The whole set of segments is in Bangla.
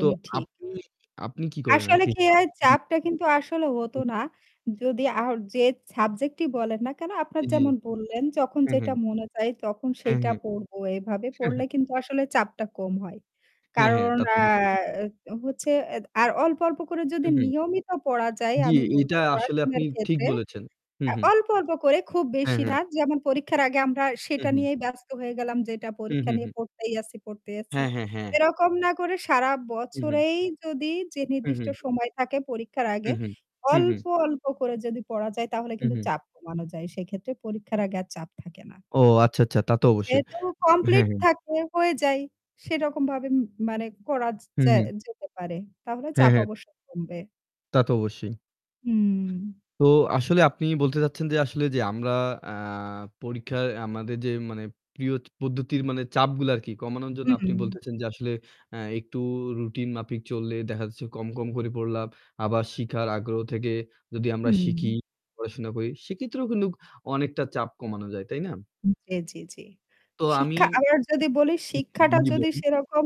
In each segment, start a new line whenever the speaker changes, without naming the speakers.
তো
ঠিক।
আপনি আপনি কি করেন
আসলে
আরকি?
কি হয়
জি।
চাপটা কিন্তু আসলে হত
হু।
না। যদি আ যে সাবজেক্টটি বলেন না কেন আপনার
জী।
যেমন বললেন, যখন
হু, হু।
যেটা মনে যায় তখন
হু,
সেটা
হু।
পড়বো এভাবে
হু, হু।
পড়লে কিন্তু আসলে চাপটা কম হয়।
হ্যাঁ, হ্যাঁ,
কারণ
তা তো
আ
অবশ্যই।
এ্যা হচ্ছে এ আর অল্প, অল্প, করে
হু,
যদি
হু।
নিয়মিত পড়া যায়
জ্বি,
আমি বলব
এটা আসলে আপনি
পড়াশোনার
ঠিক
ক্ষেত্রে
বলেছেন। হু,
আ
হু।
অল্প, অল্প, করে খুব
হ্যা,
বেশি না।
হ্যা।
যেমন পরীক্ষার আগে আমরা
হু,
সেটা
হু।
নিয়েই ব্যস্ত হয়ে গেলাম যেটা
হু,
পরীক্ষা
হু,
নিয়ে
হু।
পড়তেই আছি, পড়তেই আছি।
হ্যাঁ, হ্যাঁ, হ্যাঁ।
এরকম না করে সারা
হু ,হু।
বছরেই যদি যে
হু,
নির্দিষ্ট
হু।
সময় থাকে পরীক্ষার
হু,
আগে
হু, হু,
অল্প,
হু।
অল্প করে যদি পড়া যায় তাহলে
হু,
কিন্তু
হু।
চাপ কমানো যায়। সেক্ষেত্রে পরীক্ষার আগে আর চাপ থাকে না।
ও আচ্ছা, আচ্ছা, তা তো অবশ্যই।
যেহেতু কমপ্লিট
হ্যাঁ।
থাকে, হয়ে যায় সেরকম ভাবে মা মানে করা
হু,
যা
হু।
যেতে পারে। তাহলে
হ্যাঁ,
চাপ
হ্যাঁ।
অবশ্য কমবে।
তা তো অবশ্যই।
হুম।
তো আসলে আপনি বলতে চাচ্ছেন যে আসলে যে আমরা আ পরীক্ষায় আমাদের যে মানে প্রিয় পদ্ধতির মানে চাপগুলো আরকি কমানোর জন্য আপনি
হুম।
বলতেছেন যে আসলে আ একটু রুটিন মাফিক চললে দেখা যাচ্ছে কম, কম করে পড়লাম। আবার শিখার আগ্রহ থেকে যদি আমরা শিখি,
হুম।
পড়াশোনা করি। সেক্ষেত্রেও কিন্তু অনেকটা চাপ কমানো যায়। তাই না?
জ্বী, জ্বী, জ্বী,
তো আমি
শিক্ষা আবার যদি বলি শিক্ষাটা
জি,
যদি
বলুন।
সেরকম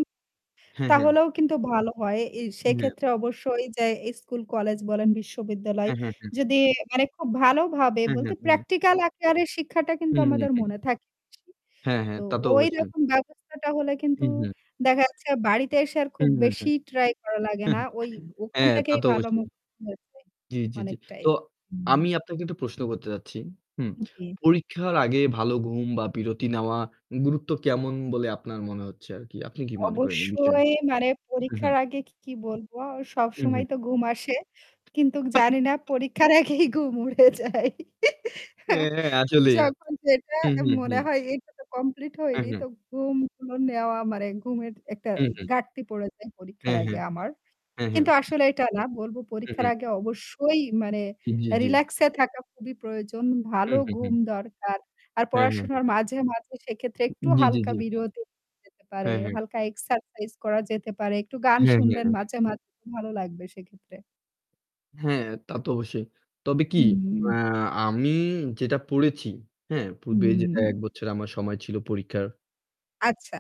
হ্যাঁ, হ্যাঁ।
তাহলেও কিন্তু ভালো হয়। এ
[unintelligible]
সেক্ষেত্রে অবশ্যই যে এই স্কুল কলেজ বলেন বিশ্ববিদ্যালয়
হ্যা, হ্যা, হ্যা,
যদি মানে খুব ভালোভাবে
হ্যাঁ,
বলতে
হ্যাঁ। হু।
প্র্যাকটিক্যাল আকারে শিক্ষাটা
হু,
কিন্তু
হু,
আমাদের
হু।
মনে থাকে বেশি।
হ্যাঁ হ্যাঁ,
তো
তা তো অবশ্যই।
ঐরকম ব্যবস্থাটা হলে কিন্তু
হু, হু।
দেখা যাচ্ছে বাড়িতে এসে আর
হু,
খুব
হু, হু।
বেশি ট্রাই করা লাগে না। ওই ওখান
হ্যাঁ, তা
থেকেই
তো
ভালো মু
অবশ্যই।
[unintelligible]
জ্বী, জ্বী, জ্বী।
অনেকটাই
তো
হুম।
আমি আপনাকে একটা প্রশ্ন করতে চাচ্ছি। হুম
জ্বী।
পরীক্ষার আগে ভালো ঘুম বা বিরতি নেওয়া গুরুত্ব কেমন বলে আপনার মনে হচ্ছে আর কি? আপনি কি মনে করেন এই বিষয়?
অবশ্যই মানে
হু, হু।
পরীক্ষার আগে কি, কি, বলব।
হু,
সবসময় তো
হু।
ঘুম আসে। কিন্তু জানি না পরীক্ষার আগেই ঘুম উড়ে যায়।
হ্যাঁ, হ্যাঁ। আসলে।
যখন যেটা
হু, হু,
মনে
হু।
হয় এটা তো কমপ্লিট
হ্যাঁ,
হয়নি।
হ্যাঁ।
তো ঘুম [unintelligible] নেওয়া মানে ঘুমের একটা
হু, হু।
ঘাটতি পড়ে যায় পরীক্ষার
হ্যাঁ, হ্যাঁ।
আগে আমার।
হ্যাঁ, হ্যাঁ।
কিন্তু আসলে এটা না বলব
হু, হু।
পরীক্ষার আগে অবশ্যই মানে
জ্বি, জ্বি।
রিল্যাক্স এ থাকা খুবই প্রয়োজন।
হু,
ভালো
হু,
ঘুম
হু।
দরকার। আর
হ্যাঁ, হ্যাঁ,
পড়াশোনার
হ্যাঁ।
মাঝে, মাঝে সেক্ষেত্রে একটু
জ্বী, জ্বী,
হালকা
জ্বী।
বিরতি যেতে পারে।
হ্যাঁ, হ্যাঁ।
হালকা এক্সারসাইজ করা যেতে পারে। একটু গান
হ্যাঁ,
শুনলেন
হ্যাঁ।
মাঝে, মাঝে ভালো লাগবে সেক্ষেত্রে।
হ্যাঁ, তা তো অবশ্যই। তবে কি
হুম।
আ আমি যেটা পড়েছি, হ্যাঁ? পূর্বে যেটা ১
হুম।
বছর আমার সময় ছিল পরীক্ষার।
আচ্ছা।